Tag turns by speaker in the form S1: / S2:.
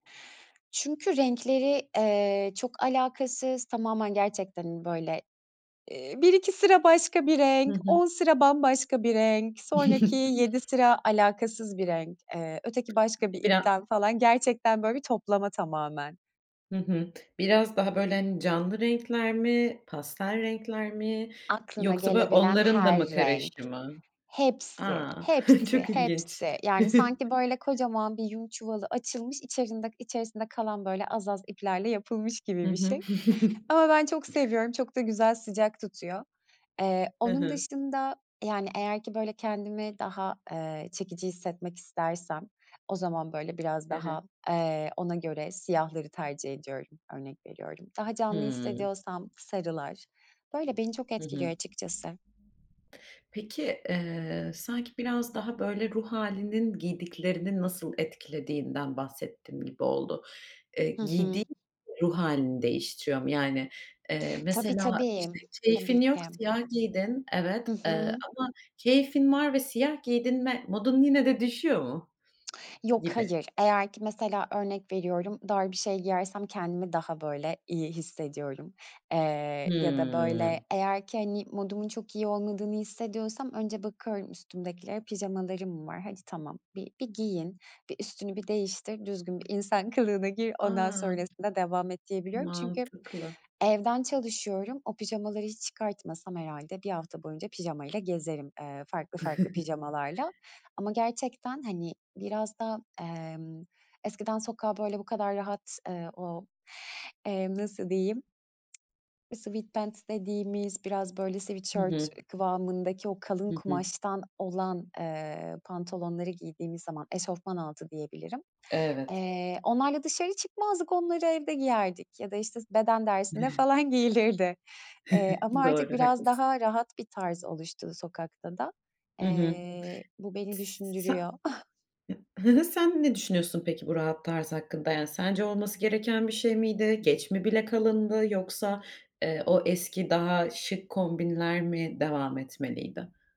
S1: Çünkü renkleri, eee, çok alakasız tamamen gerçekten, hani, böyle, iii, 1-2 sıra başka bir
S2: Hı
S1: renk,
S2: hı.
S1: 10 sıra bambaşka bir renk, sonraki 7 sıra alakasız bir renk, eee, öteki başka bir
S2: Bira
S1: ipten falan gerçekten böyle bir toplama tamamen.
S2: Hı hı. Biraz daha böyle, hani, canlı renkler mi, pastel renkler mi
S1: Aklına
S2: yoksa böyle
S1: gelebilen
S2: onların da
S1: her
S2: mı
S1: renk,
S2: karışımı?
S1: hepsi,
S2: A,
S1: hepsi,
S2: çok ilginç.
S1: hepsi, yani, sanki, böyle, kocaman bir yün çuvalı açılmış, içerinde içersinde kalan böyle az az iplerle yapılmış
S2: Hı
S1: gibi bir
S2: hı.
S1: şey. Ama ben çok seviyorum, çok da güzel sıcak tutuyor. Eee,
S2: Hı
S1: onun
S2: hı.
S1: dışında, yani, eğer ki böyle, kendimi daha, eee, çekici hissetmek istersem o zaman, böyle, biraz
S2: Hı hı.
S1: daha, eee, ona göre siyahları tercih ediyorum. Örnek veriyorum. Daha canlı
S2: Hımm.
S1: hissediyorsam sarılar. Böyle beni çok
S2: Hı hı.
S1: etkiliyor açıkçası.
S2: Peki, eee, sanki biraz daha böyle ruh hâlinin giydiklerini nasıl etkilediğinden bahsettin gibi oldu. Eee,
S1: Hı hı.
S2: giydiğin ruh hâlini değiştiriyor mu? Yani, eee,
S1: Tabii,
S2: mesela,
S1: tabii,
S2: işte, keyfin
S1: tabii
S2: yok,
S1: ki.
S2: siyah giydin, evet,
S1: Hı
S2: eee,
S1: hı.
S2: ama keyfin var ve siyah giydin ve modun yine de düşüyor mu?
S1: Yok
S2: Gibi.
S1: hayır. Eğer ki, mesela, örnek veriyorum, dar bir şey giyersem kendimi daha böyle iyi hissediyorum. Eee, ya da böyle,
S2: Hımm.
S1: eğer ki hani, modumun çok iyi olmadığını hissediyorsam önce bakıyorum üstümdekilere, pijamalarım var, hadi tamam, bir bir giyin, bir üstünü bir değiştir, düzgün bir insan kılığına gir, ondan
S2: A!
S1: sonrasında devam et diyebiliyorum çünkü
S2: Mantıklı.
S1: evden çalışıyorum, o pijamaları hiç çıkartmasam herhâlde 1 hafta boyunca pijamayla gezerim, eee, farklı farklı pijamalarla ama gerçekten, hani, biraz da, emm, eskiden sokağa böyle bu kadar rahat, eee, o, emm, nasıl diyeyim? Sweatpants dediğimiz biraz böyle
S2: Hı
S1: sweatshirt
S2: hı.
S1: kıvamındaki o kalın
S2: Hı hı.
S1: kumaştan olan, eee, pantolonları giydiğimiz zaman, eşofman altı diyebilirim.
S2: Evet.
S1: Eee, onlarla dışarı çıkmazdık, onları evde giyerdik ya da işte, s beden dersinde falan giyilirdi, eee, ama artık
S2: Doğru,
S1: biraz
S2: haklısın.
S1: daha rahat bir tarz oluştu sokakta da.
S2: Hı hı.
S1: Eee, bu beni
S2: Tıs sa
S1: düşündürüyor.
S2: [unintelligible] Sen ne düşünüyorsun peki bu rahat tarz hakkında, yani, sence olması gereken bir şey miydi? Geç mi bile kalındı yoksa, eee, o eski daha şık kombinler mi devam etmeliydi?